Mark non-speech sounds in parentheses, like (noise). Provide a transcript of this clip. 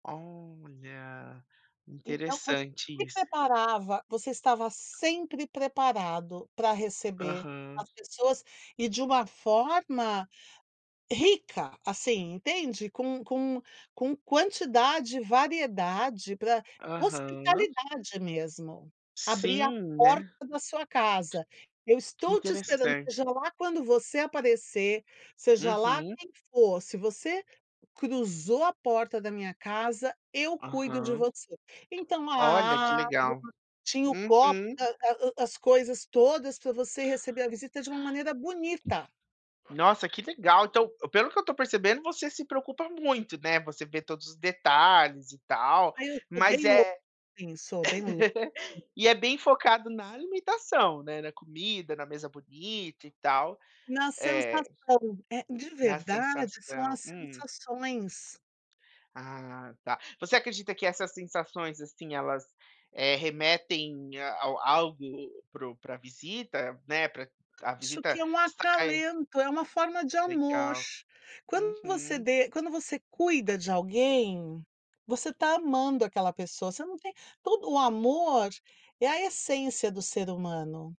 Olha! Então, quando Interessante me isso. preparava Você estava sempre preparado pra receber Aham. as pessoas, e de uma forma rica, assim, entende? Com com com quantidade, variedade pra Aham. hospitalidade mesmo. Abrir a Sim, porta né? da sua casa. "Eu Que estou te esperando, interessante. seja lá quando você aparecer, seja lá Uhum. quem for. Se você cruzou a porta da minha casa, eu cuido de Aham. você". Então, Olha, que ah, (unintelligible) legal! tinha o copo, Uhum. ah ah, as coisas todas pra você receber a visita de uma maneira bonita. Nossa, que legal! Então, pelo que eu estou percebendo, você se preocupa muito, né, você vê todos os detalhes e tal, Aí, eu sou bem mas lo é Sim, eu sou bem lo (laughs) E é bem focado na alimentação, né, na comida, na mesa bonita e tal? Na É. sensação. Eh, de Na verdade, são sensação. as Hum? sensações. A, tá. Você acredita que essas sensações, assim, elas, eh, remetem a ao algo para o para a visita, né? Para a Acho que visita é um sai acalento, é uma forma de amor. Legal. Quando você Uhum. de quando você cuida de alguém, você está amando aquela pessoa. Você não tem todo o amor é a essência do ser humano.